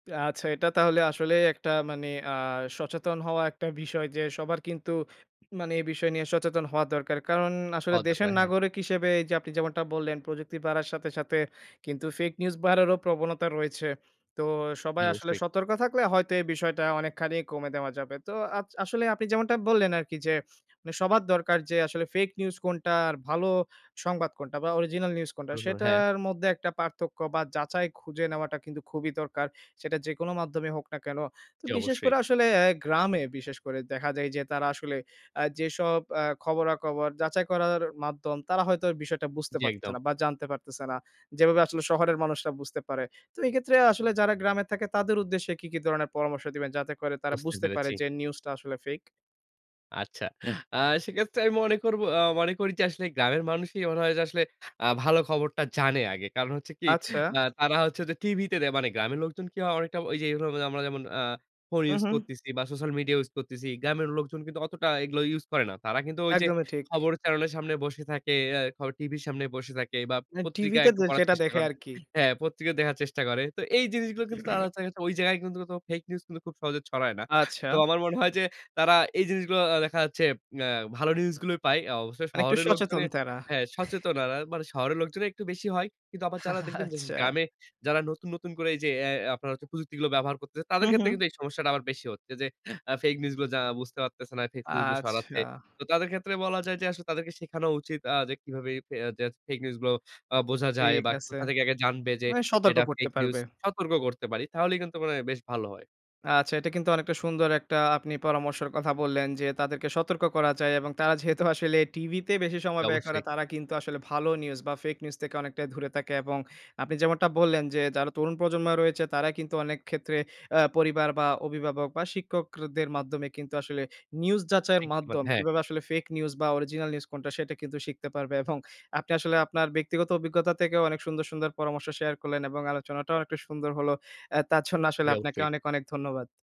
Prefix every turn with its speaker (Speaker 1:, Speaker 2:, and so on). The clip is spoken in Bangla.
Speaker 1: আচ্ছা। এটা তাহলে আসলেই একটা মানে আ সচেতন হওয়া একটা বিষয় যে সবার কিন্তু মানে এই বিষয় নিয়ে সচেতন হওয়া দরকার। কারণ আসলে
Speaker 2: হওয়া
Speaker 1: দেশের
Speaker 2: দরকার, হ্যাঁ।
Speaker 1: নাগরিক হিসেবে এই যে আপনি যেমনটা বললেন প্রযুক্তি বাড়ার সাথে, সাথে কিন্তু ফেইক নিউজ বাড়ারও প্রবণতা রয়েছে। তো
Speaker 2: জি,
Speaker 1: সবাই আসলে
Speaker 2: অবশ্যই।
Speaker 1: সতর্ক থাকলে হয়তো এই বিষয়টা অনেকখানি কমে দেওয়া যাবে। তো আস আসলে আপনি যেমনটা বললেন আরকি যে সবার দরকার যে আসলে ফেইক নিউজ কোনটা আর ভালো সংবাদ কোনটা বা অরিজিনাল নিউজ কোনটা
Speaker 2: [unintelligible] হ্যাঁ।
Speaker 1: সেটার মধ্যে একটা পার্থক্য বা যাচাই খুঁজে নেওয়াটা কিন্তু খুবই দরকার। সেটা যেকোনো মাধ্যমে হোক না কেন। তো
Speaker 2: জি,
Speaker 1: বিশেষ
Speaker 2: অবশ্যই।
Speaker 1: করে আসলে গ্রামে বিশেষ করে দেখা যায় যে তারা আসলে অ্যা যেসব অ্যা খবরাখবর যাচাই করার মাধ্যম তারা হয়তো বিষয়টা বুঝতে
Speaker 2: জি,
Speaker 1: পারতেছে
Speaker 2: একদম।
Speaker 1: না বা জানতে পারতেছে না। যেভাবে আসলে শহরের মানুষরা বুঝতে পারে। তো এই ক্ষেত্রে আসলে যারা গ্রামে থাকে তাদের উদ্দেশ্যে কি, কি ধরণের পরামর্শ দিবেন যাতে করে তারা
Speaker 2: বুঝতে
Speaker 1: বুঝতে পারে
Speaker 2: পেরেছি।
Speaker 1: যে নিউজ টা আসলে ফেইক?
Speaker 2: আচ্ছা। আ সেক্ষেত্রে আমি মনে করবো অ মনে করি যে আসলে গ্রামের মানুষই মনে হয় যে আসলে আ ভালো খবরটা জানে আগে। কারণ হচ্ছে কি?
Speaker 1: আচ্ছা।
Speaker 2: আ তারা হচ্ছে যে টিভিতে দে মানে গ্রামের লোকজন কি হয় অনেকটা ঐ যে এগুলো আমরা যেমন আ ফোন ইউজ
Speaker 1: উহু।
Speaker 2: করতেছি বা সোশ্যাল মিডিয়া ইউজ করতেছি। গ্রামের লোকজন কিন্তু অতটা এগুলো ইউজ করে না। তারা কিন্তু ওই যে
Speaker 1: একদমই ঠিক।
Speaker 2: খবর চ্যানেলের সামনে বসে থাকে, এ খ টিভির সামনে বসে থাকে বা
Speaker 1: না,
Speaker 2: পত্রিকায়
Speaker 1: টিভিতে
Speaker 2: একটু
Speaker 1: দে
Speaker 2: পড়ার
Speaker 1: সেটা
Speaker 2: চেষ্টা
Speaker 1: দেখে
Speaker 2: করে।
Speaker 1: আরকি।
Speaker 2: হ্যাঁ, পত্রিকা দেখার চেষ্টা করে। তো এই জিনিসগুলো কিন্তু আ তারা দেখা যাচ্ছে ওই জায়গায় কিন্তু মূলত ফেইক নিউজ কিন্তু খুব সহজে ছড়ায় না। তো
Speaker 1: আচ্ছা।
Speaker 2: আমার মনে হয় যে তারা এই জিনিসগুলো আ দেখা যাচ্ছে অ্যা ভালো নিউজ গুলোই পায়। অবশ্যই
Speaker 1: মানে একটু
Speaker 2: শহরের লোকজনে
Speaker 1: সচেতন তারা।
Speaker 2: হ্যাঁ সচেতনরা মানে শহরের লোকজনে একটু বেশি হয়। কিন্তু আবার যারা দেখবেন যে
Speaker 1: আচ্ছা।
Speaker 2: গ্রামে যারা নতুন, নতুন করে এই যে AI আপনারা হচ্ছে প্রযুক্তিগুলো ব্যবহার করতেছে
Speaker 1: হু,
Speaker 2: তাদের ক্ষেত্রে
Speaker 1: হু।
Speaker 2: কিন্তু এই সমস্যাটা আবার বেশি হচ্ছে যে আ ফেইক নিউজগুলো যারা বুঝতে পারতেছে না, ফেইক নিউজগুলো ছড়াচ্ছে।
Speaker 1: আচ্ছা।
Speaker 2: তো তাদের ক্ষেত্রে বলা যায় যে আসলে তাদেরকে শেখানো উচিত আ যে কিভাবে ফে যায় ফেইক নিউজ গুলো আ বোঝা যায়
Speaker 1: ঠিক
Speaker 2: বা
Speaker 1: আছে।
Speaker 2: কোথা থেকে আগে জানবে যে
Speaker 1: মানে সতর্ক
Speaker 2: এটা
Speaker 1: করতে
Speaker 2: ফেইক নিউজ।
Speaker 1: পারবে।
Speaker 2: সতর্ক করতে পারি তাহলে কিন্তু মনে হয় বেশ ভালো হয়।
Speaker 1: আচ্ছা। এটা কিন্তু অনেকটা সুন্দর একটা আপনি পরামর্শের কথা বললেন যে তাদেরকে সতর্ক করা যায় এবং তারা যেহেতু আসলে টিভিতে বেশি
Speaker 2: জি,
Speaker 1: সময় ব্যয় করে
Speaker 2: অবশ্যই।
Speaker 1: তারা কিন্তু আসলে ভালো নিউজ বা ফেইক নিউজ থেকে অনেকটাই দূরে থাকে এবং আপনি যেমনটা বললেন যে যারা তরুণ প্রজন্ম রয়েছে তারা কিন্তু অনেক ক্ষেত্রে অ্যা পরিবার বা অভিভাবক বা শিক্ষকদের মাধ্যমে কিন্তু আসলে নিউজ যাচাইয়ের
Speaker 2: [unintelligible]
Speaker 1: মাধ্যম
Speaker 2: হ্যাঁ।
Speaker 1: কিভাবে আসলে ফেইক নিউজ বা অরিজিনাল নিউজ কোনটা সেটা কিন্তু শিখতে পারবে এবং আপনি আসলে আপনার ব্যক্তিগত অভিজ্ঞতা থেকেও অনেক সুন্দর, সুন্দর পরামর্শ শেয়ার করলেন এবং আলোচনাটাও অনেকটা সুন্দর হল। অ্যা তার জন্য
Speaker 2: জি,
Speaker 1: আসলে আপনাকে
Speaker 2: অবশ্যই।
Speaker 1: অনেক, অনেক ধন্যবাদ।